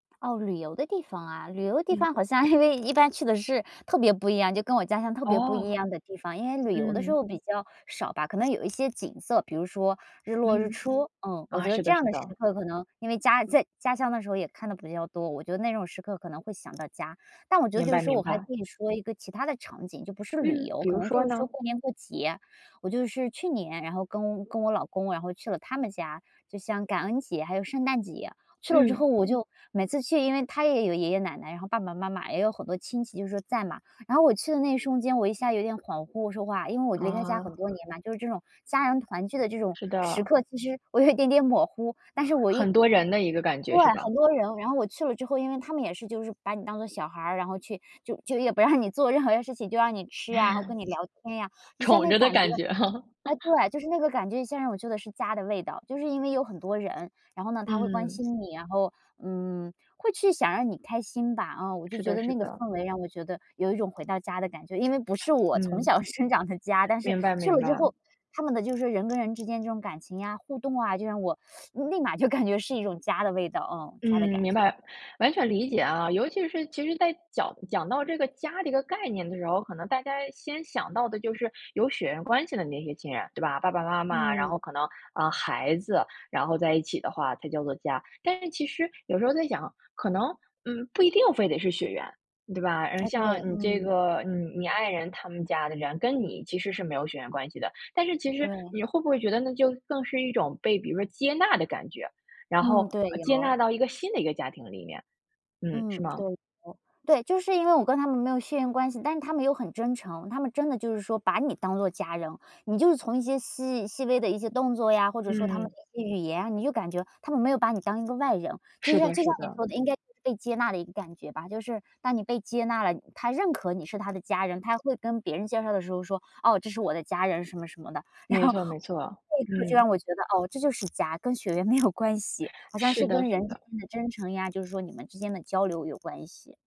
哦，旅游的地方啊旅游的地嗯。方好像因为一般去的是特别不一样就跟我家乡特别不哦。一样的地方，因为旅游的时嗯。候比较少吧，可能有一些景色，比如说日落日嗯，出，呃，我啊，觉得是这的样是的时的。刻可能因为家在家乡的时候也看得比较多，我觉得那种时刻可能会想到家。但我觉得明就是白说明我还可白。以说一个其他的场景，就不是旅嗯，游，比可如能说就是说，呢？过年过节，我就是去年，然后跟跟我老公，然后去了他们家，就像感恩节还有圣诞节，去了之嗯。后我就每次去，因为他也有爷爷奶奶，然后爸爸妈妈也有很多亲戚就是在嘛，然后我去的那一瞬间，我一下有点恍惚我说话，因为我离开家很啊。多年了，就是这种家人团聚的这种是时的。刻，其实我有一点点模糊，但是我一很多人的一个感对，觉是吧？很多人，然后我去了之后，因为他们也是就是把你当做小孩，然后去就就也不让你做任何的事情就让你吃呀，然后跟你聊天呀，一下宠那着的感觉感觉哈。唉 对，就是那个感觉现在让我觉得是家的味道，就是因为有很多人，然后呢他会关嗯。心你，然后，嗯，会去想让你开心吧，啊，我就是觉的得是那个的。氛围让我觉得有一种回到家的感觉，因为不是我从嗯。小生长的家，但是明白去明了之白。后，他们的就是人跟人之间这种感情呀，互动啊，就让我 立马就感觉是一种家的味道，哦，家的嗯，感明觉。白，完全理解啊，尤其是其实在讲讲到这个家的这个概念的时候，可能大家先想到的就是有血缘关系的那些亲人，对吧，爸爸妈妈，然嗯。后可能，啊，孩子，然后在一起的话才叫做家。但是其实有时候在想，可能，嗯，不一定非得是血缘对吧，呃，哎，像对，你这嗯。个，嗯，你爱人他们家的人跟你其实是没有血缘关系的，但是其实对。你会不会觉得那就更是一种被比如说接纳的感觉，然后，嗯，对，呃，接纳有。到一个新的一个家庭里面。嗯，是嗯，吗？对的。对，就是因为我跟他们没有血缘关系，但是他们又很真诚，他们真的就是说把你当做家人，你就是从一些细细微的一些动作呀，或者说他们嗯。语言，你就感觉他们没有把你当一个外人，就是像的就是像你的。说的应该被接纳的一个感觉吧，就是当你被接纳了，他认可你是他的家人，他会跟别人介绍的时候说，"哦，这是我的家人什么什么的，然没后错没错，立刻就嗯。让我觉得哦这就是家，跟血缘没有关系，好像是是的跟人是之的。间的真诚呀，就是说你们之间的交流有关系。